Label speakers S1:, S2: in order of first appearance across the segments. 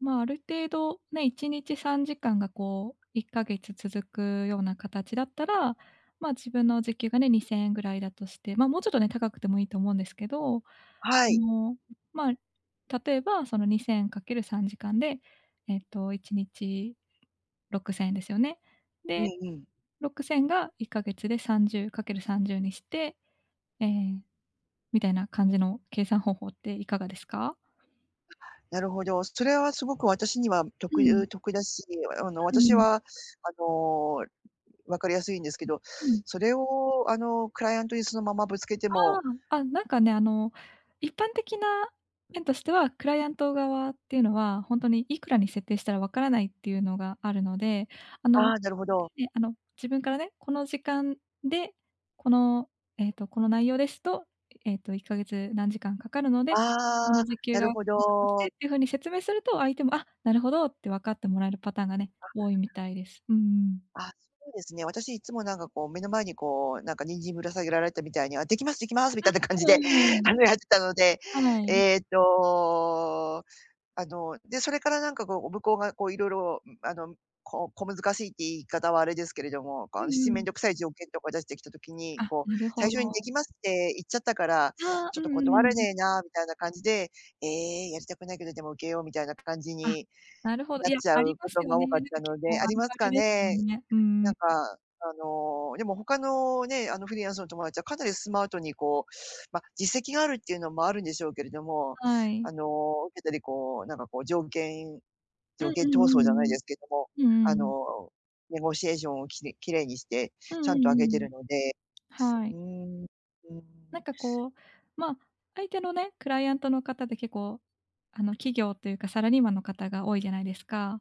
S1: ま、ある程度ね、1日3時間がこう、1か月続くような形だったら、ま、自分の時給がね、2000円ぐらいだとして、ま、もうちょっとね、高くてもいいと思うんですけど。あ
S2: はい。
S1: の、
S2: うん。
S1: まあ、例えばその2000かける3時間で、えっと1日6000円ですよね。
S2: うん
S1: で、
S2: うん。
S1: 6000が1か月で30かける30にして、ええ、みたいな感じの計算方法って、いかがですか？
S2: なるほど。それはすごく、私にはと
S1: う
S2: くゆ
S1: ん。
S2: う得だし、良いわよ、あの、
S1: う
S2: 私
S1: ん。
S2: は、あの、分かりやすいんですけど。
S1: うん。
S2: それをあの、クライアントに、そのままぶつけて
S1: あ
S2: も
S1: あ。あ、なんかね、あの、一般的な面としては、クライアント側っていうのは、ほんとにいくらに設定したら、わからないっていうのがあるので。あの、
S2: ああ、なるほど。
S1: ね、あの、自分からね、この時間で、このええと、この内容ですと、ええっと1か月何時間かかるので、
S2: あ
S1: 自
S2: あ、
S1: 分の時給
S2: な
S1: が
S2: るほ
S1: こうだとして、っ
S2: ど。
S1: ていう風に説明すると、相手も、あ、なるほどってわかってもらえるパターンがね、
S2: あ。
S1: 多いみたいです。うんうん。
S2: あ、そうですね。私いつもなんかこう、目の前にこうなんか、人参ぶら下げられたみたいに「あ、できます、できます」み
S1: あ、
S2: たいな感
S1: う
S2: じ
S1: う
S2: で、
S1: んうん
S2: あの、や
S1: う
S2: ってたので。
S1: ん。はい。
S2: ええと、あの、で、それからなんか、こう、お向こうがこう、いろいろあの、こ小難しいって言い方はあれですけれども。
S1: う
S2: かんしち
S1: んう
S2: めん
S1: ん。
S2: どくさい条件とか、出してきた時に、
S1: あ、
S2: こう、
S1: なる
S2: 最
S1: ほ
S2: 初にで
S1: ど。
S2: きますって言っちゃったから、
S1: ああ、
S2: ち
S1: う
S2: ょっと
S1: んうんう
S2: 断れ
S1: んうん。
S2: ねえな、みたいな感じで「ええ、やりたくないけど、でも受けよう」みたいな感じ
S1: あ、
S2: に、
S1: なるほど。
S2: な
S1: い
S2: っ
S1: や、
S2: ちゃ
S1: あり
S2: う
S1: ま
S2: こ
S1: す
S2: と
S1: よ
S2: が
S1: ね。
S2: 多か
S1: な
S2: っ
S1: んか
S2: たの
S1: 結構、
S2: であ
S1: あ
S2: り
S1: る
S2: ます
S1: ある
S2: か
S1: ですよ
S2: ね？
S1: ね、うんう
S2: なんか、
S1: ん。
S2: あの、でも他のね、あの、フリーランスの友達は、かなりスマートにこう、ま、実績があるっていうのも、あるんでしょうけれども。
S1: はい。
S2: あの、受けたりこう、なんかこう、条件
S1: う
S2: 条
S1: ん
S2: 件
S1: う
S2: 闘争じゃない
S1: ん
S2: ですけども。
S1: うんうんうん。う
S2: あの
S1: うーん。
S2: ネゴシエーションを、きれ綺麗にして、
S1: うん
S2: ち
S1: う
S2: ゃ
S1: ん
S2: んと
S1: う
S2: 上げて
S1: んうん。
S2: るので。
S1: は
S2: う
S1: い。
S2: ーん。うーん。
S1: なんかこう、ま、相手のね、クライアントの方で結構、あの、企業というかサラリーマンの方が、多いじゃないですか。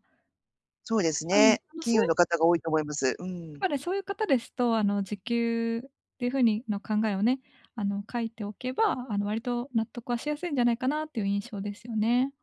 S2: そうです
S1: あの、
S2: ね。
S1: あの、
S2: 企
S1: そう
S2: 業
S1: いう
S2: の方が多いと思います、う
S1: や
S2: ん。
S1: っぱね、そういう方ですと、あの、時給っていう風にの考えをね、あの、書いておけば、あの、割と納得はしやすいんじゃないかな？っていう印象ですよね。